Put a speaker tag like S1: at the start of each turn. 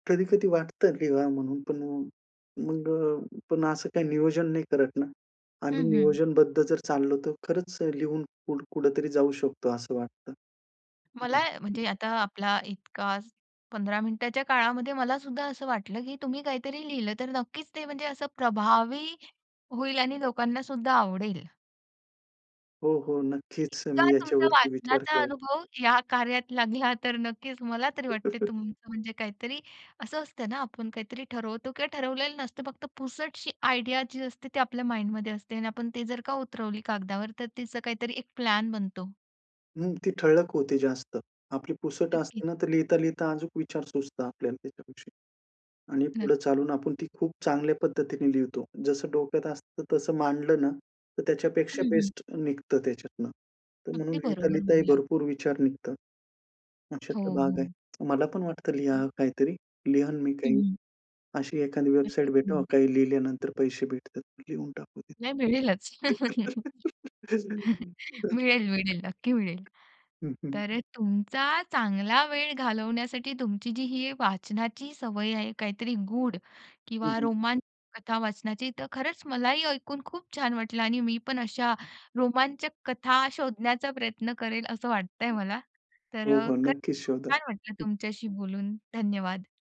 S1: कधी-कधी वाटतं लिहाव म्हणून. पण अ, मग अ, पण असं काही नियोजन नाही करत ना, आम्ही
S2: हं, हं.
S1: नियोजनबद्ध जर चाललो तर खरंच अ, लिहून कुठ कुठेतरी जाऊ शकतो असं वाटतं.
S2: मला म्हणजे आता आपला इतका 15 मिनिटाच्या काळामध्ये मलासुद्धा असं वाटलं की तुम्ही काहीतरी लिहिलं तर नक्कीच ते म्हणजे असं प्रभावी होईल आणि लोकांनासुद्धा आवडेल.
S1: हो, हो. नक्कीच
S2: इतका
S1: मी
S2: तुमचा
S1: याच्यावरती विचार
S2: वाचनाचा
S1: करेल.
S2: अनुभव या कार्यात लागला तर नक्कीच मला तरी वाटते तुम म्हणजे काहीतरी असं असतं ना, आपण काहीतरी ठरवतो किंवा ठरवलेलं नसतं फक्त पुसटशी आयडिया जी असते ती आपल्या माइंडमध्ये असते आणि आपण ते जर का उतरवली कागदावर तर त्याच काहीतरी एक प्लॅन बनतो.
S1: हं, ती ठळक होते जास्त. आपली पुसट
S2: नक्कीच.
S1: असते ना, तर लिहिता-लिहिता अजूक विचार सुचतात आपल्याला त्याच्याविषयी. आणि पुढे
S2: नक्की.
S1: चालून आपण ती खूप चांगल्या पद्धतीने लिहतो. जसं डोक्यात असतं तसं मांडलं ना, तर
S2: हं,
S1: त्याच्यापेक्षा
S2: हं.
S1: बेस्ट निघतं त्याच्यातनं. तर म्हणून
S2: अगदी बरोबर
S1: लिहिता-लिहिता ही
S2: म्हणलात.
S1: भरपूर विचार निघतात
S2: हो,
S1: अशातला भाग
S2: हो.
S1: आहे. मला पण वाटतं लिहा
S2: हं.
S1: काहीतरी. लिहीन मी काही.
S2: हं.
S1: अशी एखादी वेबसाईट
S2: नक्कीच.
S1: भेटावं
S2: हं.
S1: काही लिहिल्यानंतर पैसे भेटतात, लिहून टाकू
S2: नाही
S1: तिथे.
S2: मिळेलच. मिळेल, मिळेल, नक्की मिळेल.
S1: हं, हं.
S2: तर अ, तुमचा चांगला वेळ घालवण्यासाठी तुमची जी ही वाचनाची सवय आहे काहीतरी गूढ
S1: हं,
S2: किंवा
S1: हं.
S2: रोमांचक कथा वाचनाची तर खरंच मलाही ऐकून खूप छान वाटलं आणि मी पण अशा रोमांचक कथा शोधण्याचा प्रयत्न करेल असं वाटतंय मला. तर
S1: हो,
S2: अ,
S1: हो.
S2: खरंच
S1: नक्कीच
S2: खूप
S1: शोधा.
S2: छान वाटलं
S1: हं.
S2: तुमच्याशी बोलून. धन्यवाद.